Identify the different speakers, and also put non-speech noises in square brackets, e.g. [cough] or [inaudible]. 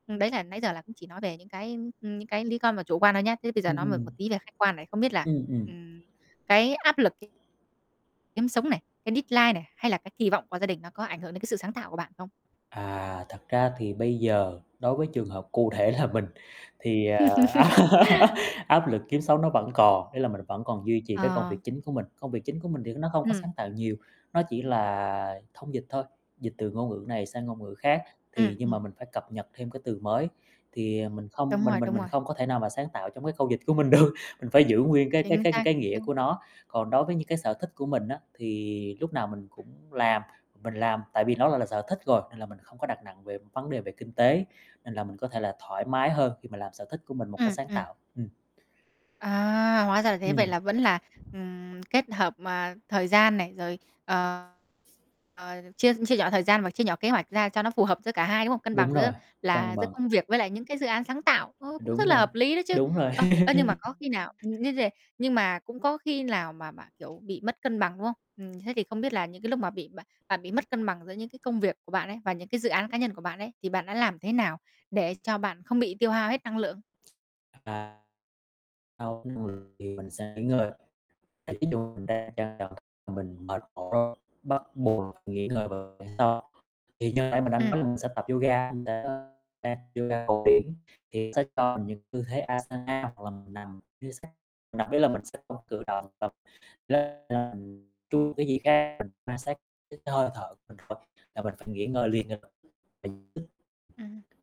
Speaker 1: Đấy là nãy giờ là cũng chỉ nói về những cái, ưm, những cái lý con mà chủ quan thôi nhá. Thế bây giờ
Speaker 2: Ừm,
Speaker 1: nói một
Speaker 2: ừm.
Speaker 1: một tí về khách quan này, không biết là,
Speaker 2: Ừm, ừm.
Speaker 1: ừm, cái áp lực ấy kiếm sống này, cái deadline này, hay là cái kỳ vọng của gia đình nó có ảnh hưởng đến cái sự sáng tạo của bạn không?
Speaker 2: À, thật ra thì bây giờ, đối với trường hợp cụ thể là mình, thì, à, [laughs]
Speaker 1: [laughs]
Speaker 2: áp lực kiếm sống nó vẫn còn, ý là mình vẫn còn duy trì cái công
Speaker 1: Ờ.
Speaker 2: việc chính của mình. Công việc chính của mình thì nó không có
Speaker 1: Ừm.
Speaker 2: sáng tạo nhiều, nó chỉ là thông dịch thôi, dịch từ ngôn ngữ này sang ngôn ngữ khác,
Speaker 1: Ừm,
Speaker 2: thì nhưng mà
Speaker 1: ừm.
Speaker 2: mình phải cập nhật thêm cái từ mới, thì, ờ, mình không
Speaker 1: Đúng
Speaker 2: mình
Speaker 1: rồi,
Speaker 2: mình
Speaker 1: đúng
Speaker 2: mình
Speaker 1: rồi.
Speaker 2: không có thể nào mà sáng tạo trong cái câu dịch của mình được, mình phải giữ nguyên cái cái
Speaker 1: Chính
Speaker 2: cái
Speaker 1: xác,
Speaker 2: cái
Speaker 1: chính
Speaker 2: nghĩa
Speaker 1: xác.
Speaker 2: của nó. Còn đối với những cái sở thích của mình á, thì lúc nào mình cũng làm, mình làm, tại vì nó gọi là sở thích rồi, nên là mình không có đặt nặng về vấn đề về kinh tế, nên là mình có thể là thoải mái hơn khi mà làm sở thích của mình một cách
Speaker 1: Ừm,
Speaker 2: sáng
Speaker 1: ừm.
Speaker 2: tạo, ừm.
Speaker 1: À, hóa ra là thế. Vậy
Speaker 2: Ừm.
Speaker 1: là vẫn là, ừm, kết hợp mà thời gian này, rồi, ờ, ờ, chia chia nhỏ thời gian và chia nhỏ kế hoạch ra cho nó phù hợp giữa cả 2 đúng hông? Cân bằng
Speaker 2: Đúng
Speaker 1: giữa
Speaker 2: rồi, cân
Speaker 1: là giữa
Speaker 2: bằng.
Speaker 1: công việc với lại những cái dự án sáng tạo. Ô, cũng rất
Speaker 2: Đúng
Speaker 1: là
Speaker 2: rồi,
Speaker 1: hợp lý đấy chứ.
Speaker 2: đúng rồi.
Speaker 1: Ơ, ơ, nhưng mà có khi nào, ừm,
Speaker 2: [laughs]
Speaker 1: [unintelligible] nhưng mà cũng có khi nào mà bạn, kiểu, bị mất cân bằng, đúng không? Ừm, thế thì không biết là những cái lúc mà bị bạn bạn bị mất cân bằng giữa những cái công việc của bạn ấy và những cái dự án cá nhân của bạn ấy, thì bạn đã làm thế nào để cho bạn không bị tiêu hao hết năng lượng?
Speaker 2: À. [unintelligible] thì mình sẽ nghỉ ngơi, ví dụ mình đang [unintelligible] mình mệt mỏi bắt buộc nghỉ ngơi vào hôm sau, thì như nãy mình đã
Speaker 1: Ừm.
Speaker 2: nói là mình sẽ tập yoga, mình [unintelligible] đang tập yoga cổ điển thì sẽ cho mình những tư thế Asana hoặc là mình nằm [unintelligible] mình nằm ý là mình sẽ không cử động, và [unintelligible] mình quan sát cái hơi thở [unintelligible] là mình phải nghỉ ngơi liền ngay lập tức
Speaker 1: Ừm.
Speaker 2: [unintelligible]